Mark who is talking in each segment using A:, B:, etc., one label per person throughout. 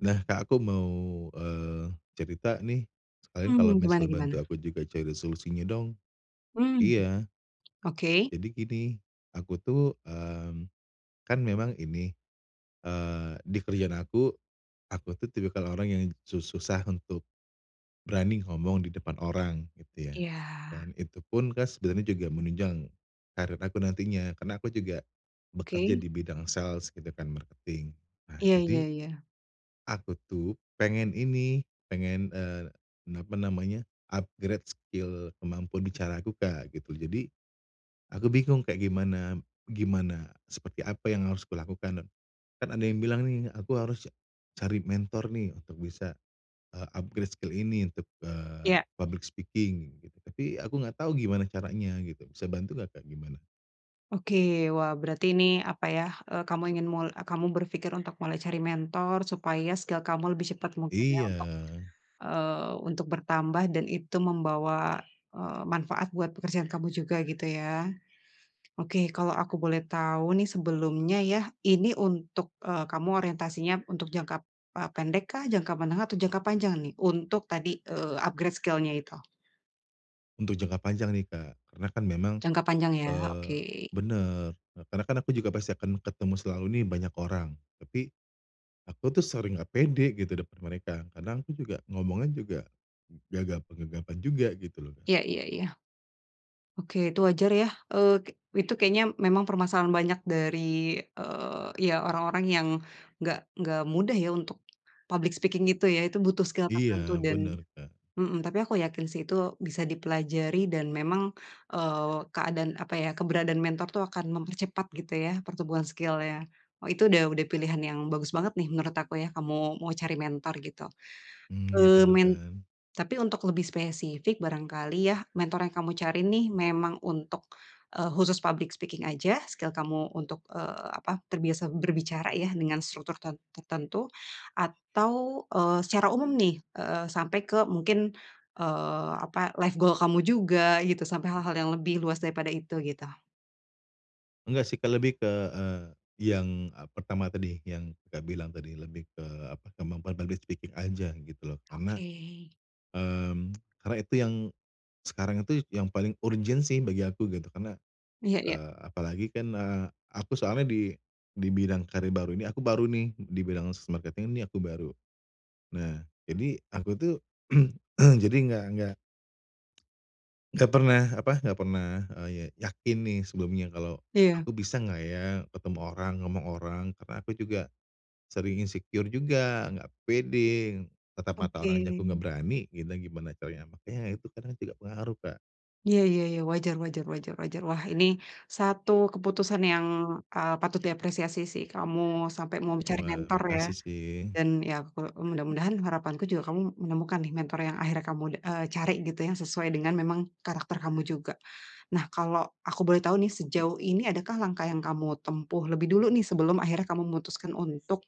A: Nah, Kak, aku mau, eee, cerita nih sekalian kalau
B: Mmm, gimana
A: misal
B: gimana?
A: bantu aku juga cari solusinya dong.
B: Mmm,
A: Iya.
B: oke.
A: Jadi gini, aku tuh, mmm, kan memang ini, eee, di kerjaan aku, aku tuh tipikal orang yang su susah untuk berani ngomong di depan orang gitu ya.
B: Iya.
A: Dan itupun kas sebenarnya juga menunjang karir aku nantinya karena aku juga bekerja
B: Oke.
A: di bidang sales gitu kan, marketing. Nah
B: Iya iya
A: jadi,
B: iya.
A: aku tuh pengen ini, pengen, eee, apa namanya, upgrade skill kemampuan bicara aku, Kak, gitu. Jadi, aku bingung kayak gimana gimana, seperti apa yang harus kulakukan dan kan ada yang bilang nih, aku harus cari mentor nih untuk bisa, eee, upgrade skill ini untuk, eee,
B: Iya.
A: public speaking, gitu. Tapi aku enggak tahu gimana caranya gitu. Bisa bantu nggak, Kak, gimana?
B: Oke. Wah, berarti ini apa ya, eee, kamu ingin mul kamu berpikir untuk mulai cari mentor supaya skill kamu lebih cepat mungkin ya untuk,
A: Iya.
B: eee, untuk bertambah dan itu membawa, eee, manfaat buat pekerjaan kamu juga gitu ya. Oke, kalau aku boleh tahu nih sebelumnya ya, ini untuk, eee, kamu orientasinya untuk jangka, eee, pendekkah, jangka menengah atau jangka panjang nih? Untuk tadi, eee, upgrade skill-nya itu.
A: Untuk jangka panjang nih Kak, karena kan memang,
B: Jangka panjang ya?
A: eee
B: Oke.
A: benar, karena kan aku juga pasti akan ketemu selalu nih banyak orang, tapi aku tuh sering enggak pede gitu depan mereka, kadang aku juga ngomongnya juga gagap-gagapan juga gitu loh, Kak.
B: Iya iya iya. Oke itu wajar ya, eee, itu kayaknya memang permasalahan banyak dari eee, iya, orang-orang yang nggak nggak mudah ya untuk public speaking gitu ya. Itu butuh skill tertentu,
A: Iya.
B: dan
A: Benar, Kak.
B: mhm, tapi aku yakin sih itu bisa dipelajari dan memang, eee, keadaan, apa ya, keberadaan mentor itu akan mempercepat gitu ya pertumbuhan skill-nya. Oh itu udah udah pilihan yang bagus banget nih menurut aku ya, kamu mau cari mentor gitu,
A: Mmm, iya
B: eee,
A: bener
B: men
A: kan?
B: tapi untuk lebih spesifik, barangkali ya mentor yang kamu cari nih memang untuk, eee, khusus public speaking aja, skill kamu untuk, eee, apa, terbiasa berbicara ya dengan struktur ter tertentu? Atau, eee, secara umum nih, eee, sampai ke mungkin, eee, apa, life goal kamu juga gitu, sampai hal-hal yang lebih luas daripada itu, gitu?
A: Enggak sih, Kak, lebih ke, eee, yang, eee, pertama tadi yang, Kakak, bilang tadi, lebih ke apa, kemampuan public speaking aja gitu loh. Karena,
B: Oke.
A: mmm, karena itu yang sekarang itu yang paling urgent sih bagi aku gitu. Karena,
B: Iya iya.
A: eee, apalagi kan, eee, aku soalnya di di bidang karir baru ini aku baru nih, di bidang marketing ini aku baru. Nah, jadi aku tuh jadi enggak, enggak enggak pernah apa, enggak pernah, eee, ya yakin nih sebelumnya kalau,
B: Iya.
A: aku bisa enggak ya ketemu orang, ngomong orang, karena aku juga sering insecure juga, enggak pede, tatap mata orang aja aku
B: Oke.
A: enggak berani, gitu gimana caranya makanya itu kadang juga pengaruh, Kak.
B: Iya iya iya, wajar wajar wajar wajar. Wah ini satu keputusan yang, eee, patut diapresiasi sih, kamu sampai mau cari
A: Wah,
B: mentor ya,
A: makasih sih.
B: dan ya kalau mudah-mudahan harapanku juga kamu menemukan nih mentor yang akhirnya kamu d eee, cari gitu yang sesuai memang dengan karakter kamu juga. Nah, kalau aku boleh tahu nih, sejauh ini adakah langkah yang kamu tempuh lebih dulu nih sebelum akhirnya kamu memutuskan untuk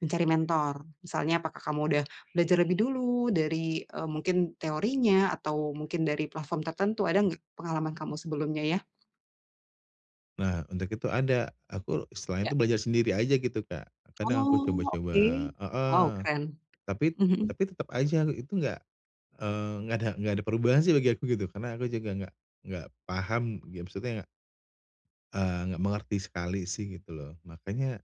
B: mencari mentor? Misalnya apakah kamu sudah belajar lebih dulu dari, eee, mungkin teorinya atau mungkin dari platform tertentu, ada enggak pengalaman kamu sebelumnya ya?
A: Nah, untuk itu ada, aku setelah
B: Ya.
A: itu belajar sendiri aja gitu, Kak. Kadang aku
B: Oh,
A: coba-coba
B: oke. Wow,
A: heeh,
B: keren.
A: tapi
B: Mhm.
A: tapi tetep aja itu enggak, eee, enggak ada enggak ada perubahan sih bagi aku gitu. Karena aku juga enggak enggak paham, ya maksudnya eee, enggak mengerti sekali sih, gitu loh. Makanya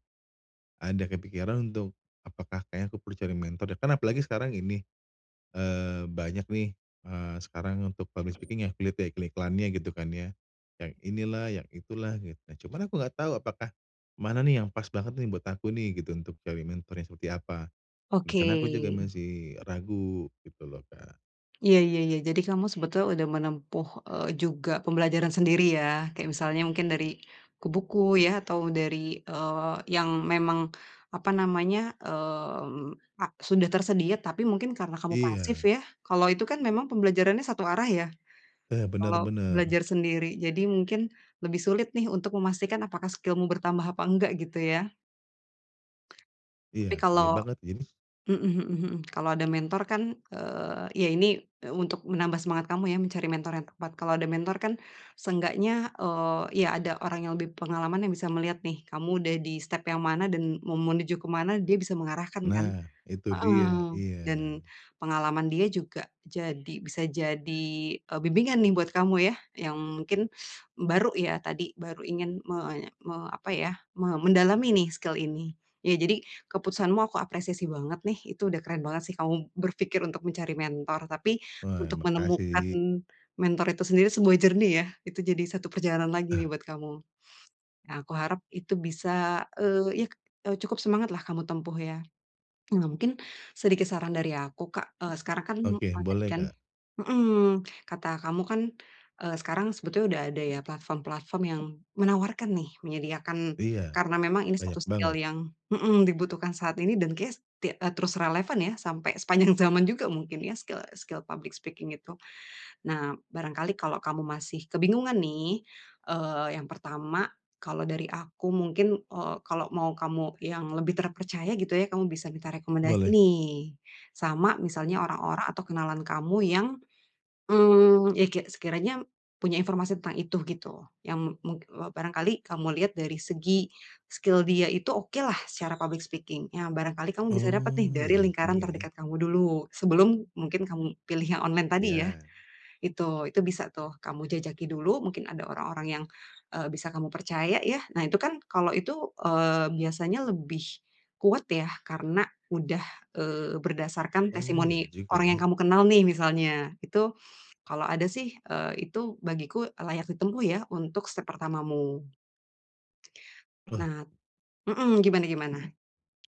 A: ada kepikiran untuk apakah kayaknya aku perlu cari mentor deh, kan apalagi sekarang ini, eee, banyak nih, eee, sekarang nih untuk public speaking ya, kik via iklannya gitu kan ya, yang ini lah, yang itu lah, gitu. Cuman aku enggak tahu apakah mana nih yang pas banget nih buat aku nih gitu untuk cari mentor yang seperti apa. Di
B: Oke.
A: sana aku juga masih ragu gitu loh, Kak.
B: Iya iya iya. Jadi kamu sebetulnya sudah menempuh, eee, juga pembelajaran sendiri ya. Kayak misalnya mungkin dari buku-buku ya atau dari, eee, yang memang, apa namanya, mmm, a sudah tersedia, tapi mungkin karena kamu pasif
A: Iya.
B: ya. Kalau itu kan memang pembelajarannya satu arah ya,
A: Eee, benar
B: kalau
A: benar.
B: belajar sendiri. Jadi mungkin lebih sulit nih untuk memastikan apakah skillmu bertambah atau enggak gitu ya. Tapi
A: Iya. Iya,
B: kalau
A: banget Jims.
B: mhm mhm mhm. Kalau ada mentor kan, eee, ya ini untuk menambah semangat kamu ya mencari mentor yang tepat. Kalau ada mentor kan seenggaknya, eee, ya ada orang yang lebih pengalaman yang bisa melihat nih kamu udah di step yang mana dan mau menuju ke mana dia bisa mengarahkan kan.
A: Nah, itu dia,
B: Heeh, dan
A: iya.
B: pengalaman dia juga jadi bisa jadi, eee, bimbingan nih buat kamu ya yang mungkin baru ya tadi, baru ingin menye me apa ya, me mendalami nih skill ini. Ya, jadi keputusanmu aku apresiasi banget nih. Itu udah keren banget sih kamu berpikir untuk mencari mentor, tapi
A: Wah,
B: untuk menemukan
A: makasih.
B: mentor itu sendiri sebuah journey ya, itu jadi satu perjalanan lagi
A: Ah.
B: nih buat kamu. Nah, aku harap itu bisa, eee, yak, eee, cukup semangatlah kamu tempuh ya. Nah, mungkin sedikit saran dari aku, Kak, eee, sekarang kan,
A: Oke,
B: eee, tadi
A: boleh,
B: kan
A: Kak.
B: mhm, kata kamu kan, eee, sekarang sebetulnya sudah ada ya platform-platform yang menawarkan nih menyediakan
A: Iya.
B: karena memang ini satu
A: Banyak
B: skill
A: banget.
B: yang mhm, dibutuhkan saat ini dan kayaknya tia eee, terus relevan ya sampai sepanjang zaman juga mungkin ya, skill skill public speaking itu. Nah, barangkali kalau kamu masih kebingungan nih, eee, yang pertama, kalau dari aku mungkin, eee, kalau mau kamu yang lebih terpercaya gitu ya, kamu bisa minta rekomendasi
A: Boleh.
B: nih, sama misalnya orang-orang atau kenalan kamu yang, mmm, ya ke sekiranya punya informasi tentang itu gitu, yang mung eee, barangkali kamu lihat dari segi skill dia itu okelah secara public speaking ya barangkali kamu bisa dapet nih
A: Oh, iya
B: dari
A: iya
B: lingkaran
A: juga ya.
B: terdekat kamu dulu. Sebelum mungkin kamu pilih yang online tadi ya.
A: Iya.
B: Itu, itu bisa tuh kamu jajaki dulu mungkin ada orang-orang yang, eee, bisa kamu percaya ya. Nah itu kan, kalau itu, eee, biasanya lebih kuat ya karena udah, eee, berdasarkan
A: Oh, iya
B: testimoni
A: juga
B: orang yang
A: ya.
B: kamu kenal nih misalnya, itu kalau ada sih, eee, itu bagiku layak ditempuh ya untuk step pertamamu.
A: Wah.
B: Nat mhm, gimana gimana?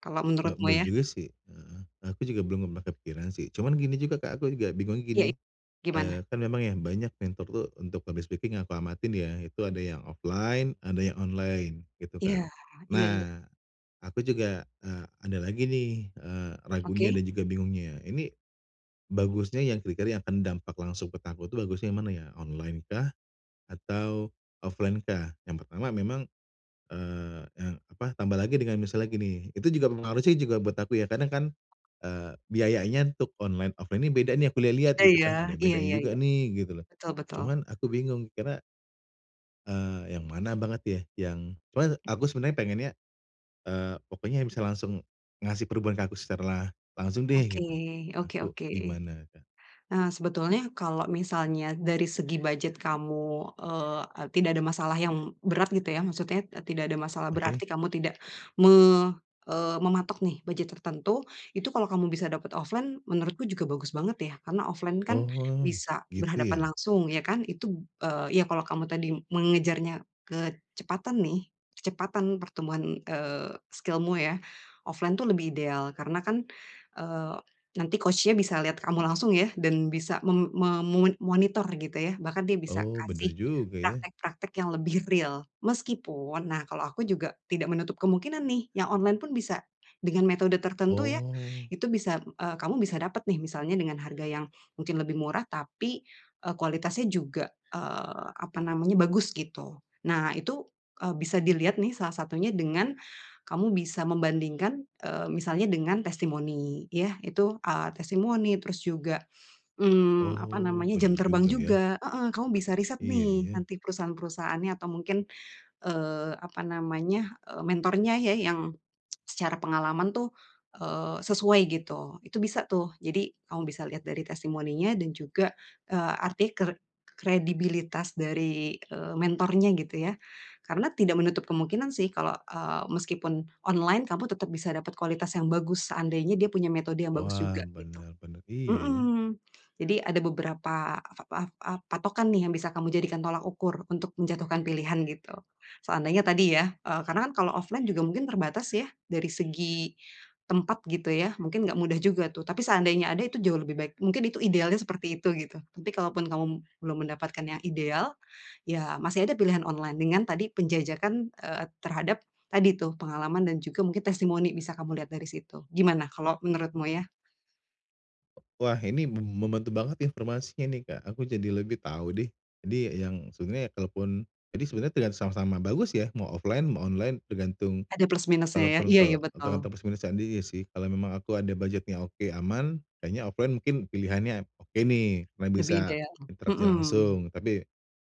B: Kalau
A: Eee,
B: menurutmu
A: boleh
B: ya?
A: juga sih. Heeh. Aku juga belum pernah kepikiran sih. Cuman gini juga, Kak, aku juga bingungnya
B: Iya,
A: gini,
B: i
A: eee,
B: gimana?
A: kan memang ya banyak mentor tuh untuk public speaking yang aku amatin ya, itu ada yang offline ada yang online gitu, Kak.
B: Iya. Iya iya.
A: Nah, aku juga, eee, ada lagi nih, eee, ragunya
B: Oke.
A: dan juga bingungnya, ini bagusnya yang kira-kira yang akan dampak langsung ke taku itu bagusnya yang mana ya? Online-kah atau offline-kah? Yang pertama memang eee eee, apa, tambah lagi dengan misalnya gini, itu juga pengaruh sih juga buat aku ya. Karena kan, eee, biayanya untuk online, offline ini beda nih aku lihat-lihat gitu
B: Iya.
A: kan, ada
B: Iya
A: bedanya
B: iya
A: juga
B: iya.
A: nih gitu loh.
B: Betul betul.
A: Cuman aku bingung, karena Eee, yang mana banget ya, yang pokoknya aku
B: Mhm.
A: sebenarnya pengennya, eee, pokoknya bisa langsung ngasih perubahan ke aku secara langsung deh,
B: Oke.
A: gitu.
B: Oke
A: Aku
B: oke.
A: gimana, Kak?
B: Nah, sebetulnya kalau misalnya dari segi budget kamu, eee, tidak ada masalah yang berat gitu ya, maksudnya, eee, tidak ada masalah
A: Oke.
B: berarti kamu tidak me eee, mematok nih budget tertentu, itu kalau kamu bisa dapet offline, menurutku juga bagus banget ya. Karena offline kan
A: Oh,
B: bisa
A: gitu
B: berhadapan
A: ya.
B: langsung, ya kan. Itu, eee, iya kalau kamu tadi mengejarnya kecepatan nih, kecepatan pertumbuhan, eee, skill-mu ya, offline itu lebih ideal karena kan, eee, nanti coach-nya bisa lihat kamu langsung ya dan bisa mem me mo monitor gitu ya. Bahkan dia bisa
A: Oh, bener
B: kasih
A: juga ya.
B: praktek-praktek yang lebih real. Meskipun, nah kalau aku juga tidak menutup kemungkinan nih yang online pun bisa dengan metode tertentu ya
A: Oh.
B: itu bisa, eee, kamu bisa dapet nih misalnya dengan harga yang mungkin lebih murah tapi, eee, kualitasnya juga, eee, apa namanya, bagus gitu. Nah, itu, eee, bisa dilihat nih salah satunya dengan kamu bisa membandingkan, eee, misalnya dengan testimoni. Yah, itu, eee, testimoni, terus juga, mmm, apa
A: Oh,
B: namanya, jam
A: bener
B: terbang
A: juga ya.
B: juga. Heeh, kamu bisa riset
A: Iya
B: nih
A: iya.
B: nanti perusahaan-perusahaannya atau mungkin, eee, apa namanya, eee, mentornya ya yang, secara pengalaman tuh, eee, sesuai gitu, itu bisa tuh. Jadi kamu bisa lihat dari testimoninya dan juga, eee, arti ker kredibilitas dari, eee, mentornya gitu ya. Karena tidak menutup kemungkinan sih kalau, eee, meskipun online kamu tetep bisa dapet kualitas yang bagus seandainya dia punya metode yang bagus
A: Wah,
B: juga, gitu.
A: bener bener. Iya iya.
B: Mhm. Jadi ada beberapa ap ap patokan nih yang bisa kamu jadikan tolak ukur untuk menjatuhkan pilihan, gitu. Seandainya tadi ya, eee, karena kan kalau offline juga mungkin terbatas ya, dari segi tempat gitu ya mungkin nggak mudah juga tuh. Tapi seandainya ada itu jauh lebih baik. Mungkin itu idealnya seperti itu gitu. Tapi kalaupun kamu belum mendapatkan yang ideal, ya masih ada pilihan online dengan tadi penjajakan, eee, terhadap tadi tuh pengalaman dan juga mungkin testimoni bisa kamu lihat dari situ. Gimana kalau menurutmu ya?
A: Wah, ini mem membantu banget ya informasinya nih, Kak, aku jadi lebih tahu deh. Jadi yang sebenarnya kalaupun jadi sebenarnya pilihan sama-sama bagus ya, mau offline, mau online, tergantung
B: Ada plus minus-nya ya?
A: kalaupun
B: Iya ya,
A: kalau
B: betul.
A: tergantung persiapan diri sih, kalau memang aku ada budget-nya oke aman, kayaknya offline mungkin pilihannya oke nih, karena
B: Lebih
A: bisa
B: ideal,
A: interaksi
B: mhm.
A: langsung, tapi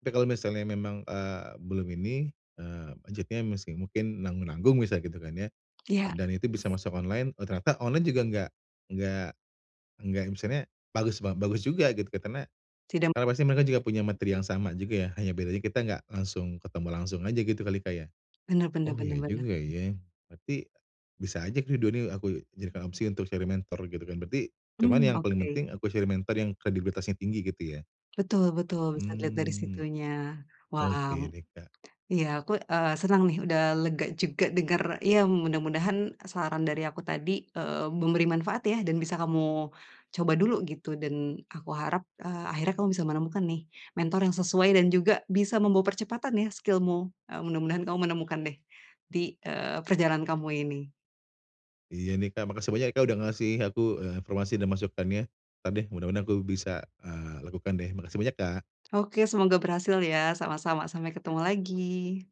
A: tapi kalau misalnya memang, eee, belum ini, eee, budgetnya masih mungkin nanggung-nanggung misal gitu kan ya?
B: Iya.
A: Dan itu bisa masuk online, ternyata online juga enggak enggak enggak, misalnya bagus ba bagus juga gitu. Karena
B: Tidak
A: karena
B: m
A: pasti mereka juga punya materi yang sama juga ya? Hanya bedanya kita enggak langsung ketemu langsung aja gitu kali, Kak, ya?
B: Bener bener
A: Oh
B: bener
A: iya
B: bener.
A: juga ya, berarti bisa aja ini dua-duanya aku jadikan opsi untuk cari mentor gitu kan? Berarti cuman
B: Mmm,
A: yang paling
B: oke.
A: penting aku cari mentor yang kredibilitasnya tinggi gitu ya?
B: Betul betul, bisa dilihat dari
A: Hmm,
B: situnya.
A: oke
B: Wow!
A: deh, Kak.
B: Iya, aku, eee, senang nih, udah lega juga denger, ya mudah-mudahan saran dari aku tadi, eee, memberi manfaat ya dan bisa kamu coba dulu gitu dan aku harap, eee, akhirnya kamu bisa menemukan nih, mentor yang sesuai dan juga bisa membawa percepatan ya skill-mu, eee, mudah-mudahan kamu menemukan deh di, eee, perjalanan kamu ini.
A: Iya nih, Kak. Makasih banyak, Kak, udah ngasih aku, eee, informasi dan masukannya. Entar deh, mudah-mudahan aku bisa, eee, lakukan deh. Makasih banyak, Kak!
B: Oke, semoga berhasil ya. Sama-sama. Sampai ketemu lagi!